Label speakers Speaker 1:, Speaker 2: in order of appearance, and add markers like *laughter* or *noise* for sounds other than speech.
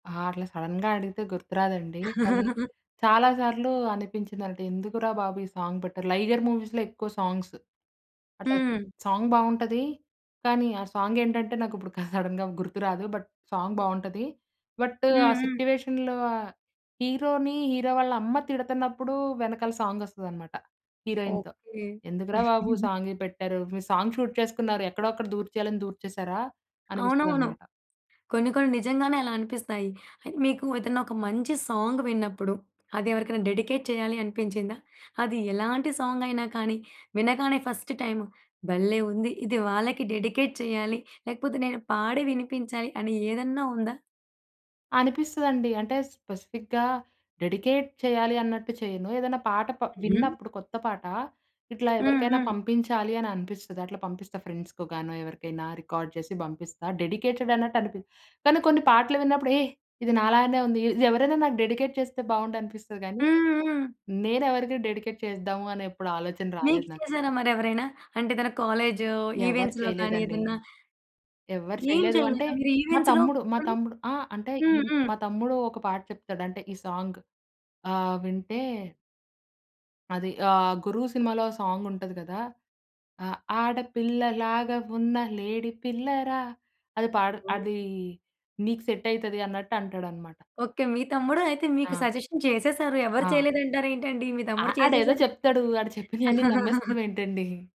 Speaker 1: ఆ! అట్లా సడన్‌గా అడిగితే గుర్తు రాదండి. కానీ
Speaker 2: *giggles*
Speaker 1: చాలా సార్లు అనిపించిందన్న‌ట్టు ఎందుకురా బాబు ఈ సాంగ్ పెట్టరు. 'లైగర్' మూవీస్‌లో ఎక్కువ సాంగ్స్. అట్ల
Speaker 2: హ్మ్.
Speaker 1: సాంగ్ బావుంటది. కానీ ఆ సాంగ్ ఏంటంటే నాకుప్పుడు *chuckles* సడన్‌గా గుర్తురాదు. బట్ సాంగ్ బావుంటది. బట్ ఆ
Speaker 2: హ్మ్. హ్మ్.
Speaker 1: సిట్యువేషన్‌లో ఆ హీరో‌ని హీరో‌‌ వాళ్ళ అమ్మ తిడతన్నప్పుడు వెనకాల సాంగ్ వస్తదన్నమాట హీరోయిన్‌తో.
Speaker 2: ఓకే.
Speaker 1: ఎందుకురా బాబు
Speaker 2: *giggles*
Speaker 1: సాంగ్ పెట్టారు మీరు సాంగ్ షూట్ చేసుకున్నారు ఎక్కడో అక్కడ దూర్చేయాలని దూర్చేశారా?
Speaker 2: అవునవును.
Speaker 1: అనిపిస్తదనమాట
Speaker 2: కొన్ని కొన్ని నిజంగానే అలా అనిపిస్తాయి. మీకు ఏదన్నా ఒక మంచి సాంగ్ విన్నప్పుడు అది ఎవరికైనా డెడికేట్ చేయాలి అనిపించిందా? అది ఎలాంటి సాంగ్ అయినా కానీ వినగానే ఫస్ట్ టైమ్ భల్లే ఉంది. ఇది వాళ్ళకి డెడికేట్ చేయాలి. లేకపోతే నేను పాడి వినిపించాలి అని ఏదన్నా ఉందా?
Speaker 1: అనిపిస్తదండి. అంటే స్పెసిఫిక్‌గా డెడికేట్ చేయాలి అన్నట్టు చేయను. ఏదన్నా పాట ప
Speaker 2: హుహు.
Speaker 1: విన్నప్పుడు కొత్త పాట ఇట్లా
Speaker 2: హ్మ్.
Speaker 1: ఎవరికైనా
Speaker 2: హ్మ్.
Speaker 1: పంపించాలి అని అనిపిస్తుది అట్లా పంపిస్తా ఫ్రెండ్స్‌కొ గానొ ఎవరికైనా రికార్డ్ చేసి పంపిస్తా డెడికేటెడ్ అన్నట్టు అనిపి కానీ కొన్ని పాటలు విన్నప్పుడు యేహ్! ఇది నాలాగానే ఉంది ఇది ఎవరైనా నాకు డెడికేట్ చేస్తే బావుండనిపిస్తది గాని
Speaker 2: హ్మ్. హ్మ్.
Speaker 1: నేను ఎవరిది డెడికేట్ చేస్ధాము అని ఎప్పుడు ఆలోచన
Speaker 2: మీకు
Speaker 1: రాలేదు నాకు.
Speaker 2: చేసారా మరెవరైనా? అంటే ఏదన్నా కాలేజో
Speaker 1: ఎవ్వరు
Speaker 2: ఈవెంట్స్‌లో కాని
Speaker 1: చేయలేదండి.
Speaker 2: ఏదన్నా?
Speaker 1: ఎవ్వరు
Speaker 2: ఏం
Speaker 1: చేయలేదు అంటే
Speaker 2: చేయలేదా మీరు
Speaker 1: మా
Speaker 2: ఈవెంట్స్‌లో
Speaker 1: తమ్ముడు, మా
Speaker 2: పోని.
Speaker 1: తమ్ముడు ఆ అంటే ఇ
Speaker 2: హ్మ్. హ్మ్.
Speaker 1: మా తమ్ముడు ఒక పాట చెప్తాడు అంటే ఈ సాంగ్. ఆహ్, వింటే... అది. ఆహ్, 'గురు' సినిమాలో సాంగ్ ఉంటది గదా! ఆ ఆడపిల్ల లాగా ఉన్న లేడీ పిల్ల‌రా. అది పాడు అదీ నీకు సెట్ అయితది అన్నట్టు అంటడన్నమాట.
Speaker 2: ఓకే. మీ తమ్ముడు అయితే మీకు
Speaker 1: ఆ!
Speaker 2: సజెషన్ చేసేసారు. ఎవరు
Speaker 1: ఆ!
Speaker 2: చేయలేదంటారేంటండి. మీ తమ్ముడు
Speaker 1: ఆహ్, ఆడేదో
Speaker 2: చేసేసారయితే.
Speaker 1: చెప్తడు. ఆడు చెప్పినయ‌న్ని
Speaker 2: *giggles*
Speaker 1: నమ్మేస్తామేంటండి.